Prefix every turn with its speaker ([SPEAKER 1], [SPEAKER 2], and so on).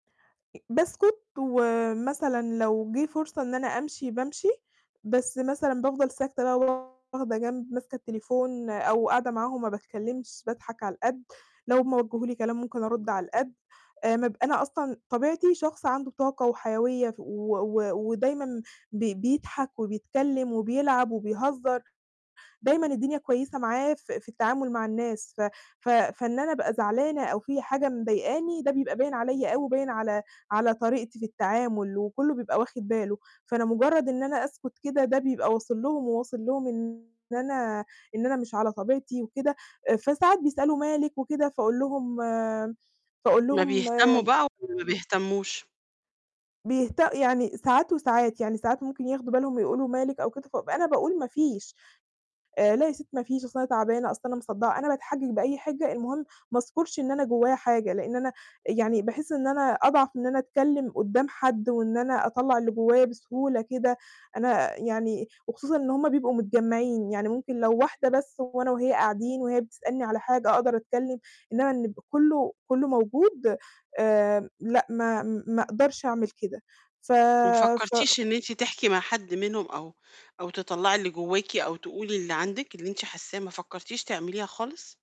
[SPEAKER 1] أ باسكُت، ومثلًا لو جه فرصة إن أنا أمشي بامشي، بس مثلًا بافضل ساكتة بقى واخدة جنب، ماسكة التليفون، أو قاعدة معاهم ما باتكلّمش، باضحك على القد، لو هُم وجّهوا لي كلام ممكن أرد على القد. آآ ما ب أنا أصلًاً طبيعتي شخص عنده طاقة وحيوية ف و و ودايمًا بي بيضحك وبيتكلّم وبيلعب وبيهزّر. دايمًا الدنيا كويّسة معاه ف في التعامل مع الناس، ف ف فإن أنا أبقى زعلانة أو في حاجة مضايقاني ده بيبقى باين عليَّ أوي وباين على على طريقتي في التعامل، وكلّه بيبقى واخد باله. فأنا مُجرّد إن أنا أسكت كده ده بيبقى واصل لهم، وواصل لهم إن أنا إن أنا مش على طبيعتي وكده. آآ فساعات بيسألوا مالِك وكده، فأقول لهم فأقول
[SPEAKER 2] م
[SPEAKER 1] لهم
[SPEAKER 2] بيهتمّوا
[SPEAKER 1] آمم
[SPEAKER 2] بقى والّا ما بيهتمّوش؟
[SPEAKER 1] بيهت يعني ساعات وساعات، يعني ساعات ممكن ياخدوا بالهُم ويقولوا: "مالِك؟" أو كده، فابقى أنا باقول ما فيش. آآ، "لا يا ستي ما فيش، أصل أنا تعبانة، أصل أنا مصدّعة."، أنا باتحجّج بأي حِجة، المهم ما أذكرش إن أنا جوّايا حاجة، لأن أنا يعني باحس إن أنا أضعف من إن أنا أتكلّم قدّام حد، وإن أنا أطلّع اللي جوّايا بسهولة كده. أنا يعني وخصوصًا إن هُم بيبقوا متجمّعين، يعني ممكن لو واحدة بس وأنا وهي قاعدين وهي بتسألني على حاجة أقدر أتكلّم، إنما إن يبقى كلّه كلّه موجود آمم لأ ما ما أقدرش أعمل كده. ف
[SPEAKER 2] وما
[SPEAKER 1] ف
[SPEAKER 2] فكّرتيش إن أنتِ تحكي مع حد منهم أو أو تطلّعي اللي جوّاكِ أو تقولي اللي عندِك، اللي أنتِ حاسّاه، ما فكّرتيش تعمليها خالص؟